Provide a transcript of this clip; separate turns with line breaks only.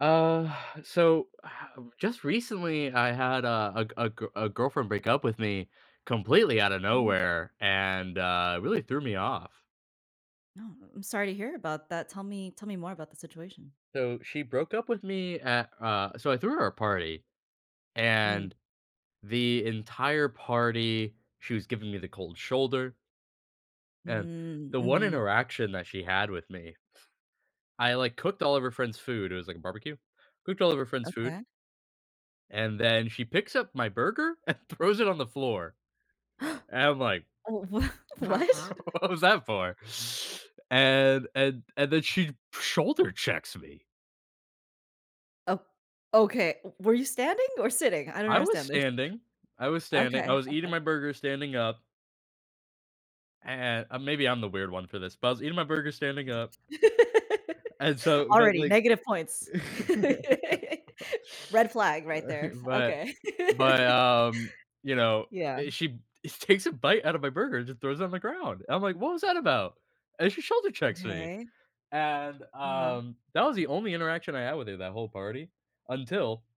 Uh, so, just recently, I had a a g a g a girlfriend break up with me completely outta
Mm.
nowhere, and, uh, it really threw me off.
No, I'm sorry to hear about that, tell me tell me more about the situation.
So, she broke up with me at, uh so I threw her a party, and
Mm.
the entire party, she was giving me the cold shoulder. And,
Mm,
the one
mhm.
interaction that she had with me I, like, cooked all of her friend's food it was like a barbecue. Cooked all of her friend's food.
Okay.
And then, she picks up my burger and throws it on the floor. And, I'm like,
Oh, wha what?
What was that for?" And and and then she shoulder checks me.
Oh okay, w were you standing or sitting? I don't
I was
understand this.
standing I was standing I
Okay,
was eating
okay.
my burger standing up. And uh, maybe I'm the weird one for this? But, I was eating my burger standing up. And, so but,
Already
like
negative points. Red flag right
But
there
but
okay.
but, um, you know
Yeah.
eh, she takes a bite out of my burger and just throws it on the ground, and I'm like, "What was that about?" And she shoulder checks me.
Okay.
And,
Uh-huh.
um, that was the only interaction I had with her, that whole party, until